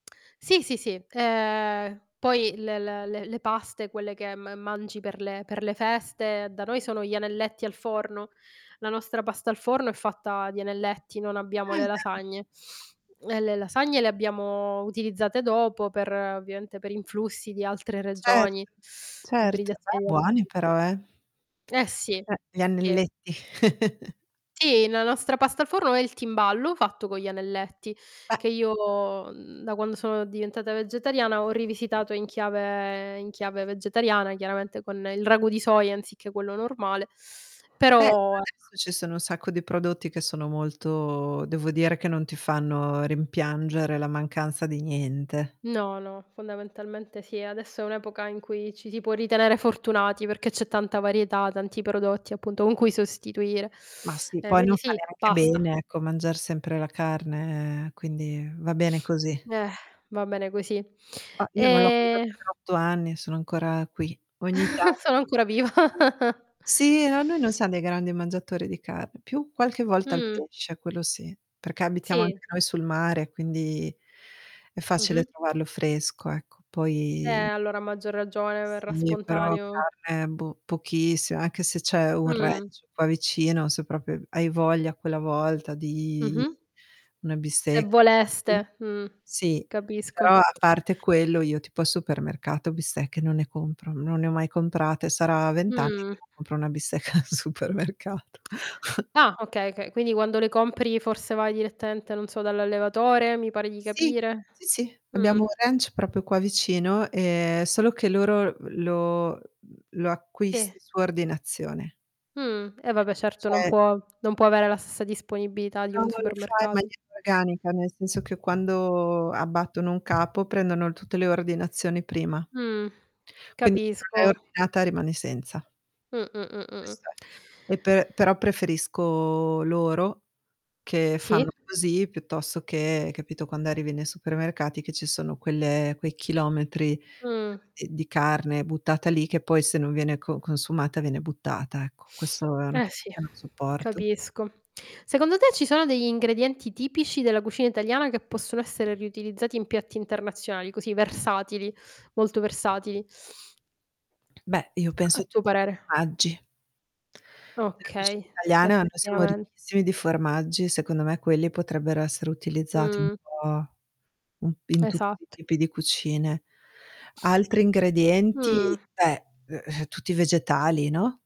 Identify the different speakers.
Speaker 1: Sì, sì, sì, ehm, poi l l le le paste quelle che m mangi per le per le feste, da noi sono gli anelletti al forno. La nostra pasta al forno è fatta di anelletti, non abbiamo
Speaker 2: Ah,
Speaker 1: le
Speaker 2: da
Speaker 1: lasagne. E le lasagne le abbiamo utilizzate dopo per ovviamente per influssi di altre
Speaker 2: Certo.
Speaker 1: regioni,
Speaker 2: Certo. Beh,
Speaker 1: ibridazione
Speaker 2: buoni
Speaker 1: [unintelligible]
Speaker 2: però, eh!
Speaker 1: Eh sì,
Speaker 2: Eh, gli
Speaker 1: sì.
Speaker 2: anelletti.
Speaker 1: Sì, la nostra pasta al forno è il timballo fatto co' gli anelletti
Speaker 2: E
Speaker 1: che io, mhmm, da quando sono diventata vegetariana ho rivisitato in chiave in chiave vegetariana, chiaramente, con il ragù di soia anziché quello normale,
Speaker 2: Beh, per
Speaker 1: però, ecco.
Speaker 2: adesso ci sono un sacco di prodotti che sono molto devo dire che non ti fanno rimpiangere la mancanza di niente.
Speaker 1: No, no, fondamentalmente sì, adesso è un'epoca in cui ci si può ritenere fortunati perché c'è tanta varietà, tanti prodotti, appunto, con cui sostituire.
Speaker 2: Ma sì,
Speaker 1: E
Speaker 2: poi non
Speaker 1: quindi
Speaker 2: fa
Speaker 1: sì,
Speaker 2: neanche
Speaker 1: pasta.
Speaker 2: bene, ecco, mangiar sempre la carne, quindi va bene
Speaker 1: Eh.
Speaker 2: così.
Speaker 1: Va bene così.
Speaker 2: Ah, io non l'ho mangiata per
Speaker 1: Ehm
Speaker 2: 8 anni, e sono ancora qui. Ogni tanto
Speaker 1: Sono
Speaker 2: mi
Speaker 1: ancora
Speaker 2: capita
Speaker 1: viva.
Speaker 2: di Sì. No, noi non siam dei grandi mangiatori di carn più qualche volta il
Speaker 1: Mh.
Speaker 2: pesce quello sì, perché abitiamo anche
Speaker 1: Sì.
Speaker 2: noi sul mare, quindi è facile
Speaker 1: Mh-mh.
Speaker 2: trovarlo fresco, ecco.
Speaker 1: Eh,
Speaker 2: Poi
Speaker 1: allora a maggior ragione verrà
Speaker 2: Sì, però
Speaker 1: spontaneo.
Speaker 2: carne boh, pochissi anche se c'è un
Speaker 1: Mh.
Speaker 2: ranch qua vicino, se proprio hai v hai voglia quella volta di
Speaker 1: Mh-mh.
Speaker 2: una
Speaker 1: Se
Speaker 2: bistec [unintelligible]
Speaker 1: voleste. Mh,
Speaker 2: Sì,
Speaker 1: capisco.
Speaker 2: però a parte quello io tipo al supermercato bistecche non ne compro, non ne ho mai comprate. Sarà 20 anni
Speaker 1: Mh.
Speaker 2: che non compro una bistecca al supermercato.
Speaker 1: Ah, okay, okay, quindi quando le compri forse vai direttamente, non so, dall'allevatore, mi pare di
Speaker 2: Sì.
Speaker 1: capire?
Speaker 2: Sì, sì.
Speaker 1: Mh.
Speaker 2: Abbiamo un ranch proprio qua vicino, ehm, solo che loro, uhm, lo uhm, lo
Speaker 1: Ti
Speaker 2: acquisti su ordinazione.
Speaker 1: Mh. E vabbè certo non
Speaker 2: Cioè
Speaker 1: può non può avere la stessa disponibilità di
Speaker 2: No
Speaker 1: un
Speaker 2: ma lo fa in
Speaker 1: supermercato.
Speaker 2: maniera organica, nel senso che quando abbattono un capo prendono tutte le ordinazioni prima.
Speaker 1: Mh.
Speaker 2: Quindi se non l'hai
Speaker 1: Capisco.
Speaker 2: ordinata rimani senza.
Speaker 1: Mh. Mh. Mh. Mh. Mh.
Speaker 2: Questo è. E pe però preferisco loro che
Speaker 1: Sì.
Speaker 2: fanno così piuttosto che, capito, quando arrivi nei supermercati che ci sono quelle quei chilometri
Speaker 1: Mh.
Speaker 2: d di carne buttata lì, che poi se non viene co consumata viene buttata, ecco. Questo è una
Speaker 1: Eh,
Speaker 2: cosa
Speaker 1: sì,
Speaker 2: che non sopporto.
Speaker 1: capisco. Secondo te, ci sono degli ingredienti tipici della cucina italiana che possono essere riutilizzati in piatti internazionali così versatili, molto versatili?
Speaker 2: Beh, io penso
Speaker 1: A
Speaker 2: a
Speaker 1: tuo
Speaker 2: tutti i
Speaker 1: parere.
Speaker 2: formaggi. Nella cucina
Speaker 1: Okay,
Speaker 2: italiana noi siamo
Speaker 1: effettivament
Speaker 2: ricchissimi di formaggi, secondo me, quelli potrebbero essere utilizzati un
Speaker 1: Mh.
Speaker 2: po' un p in tutti i
Speaker 1: Esatt
Speaker 2: tipi di cucine. Altri ingredienti,
Speaker 1: Mh.
Speaker 2: beh, uhm, tutti vegetali, no?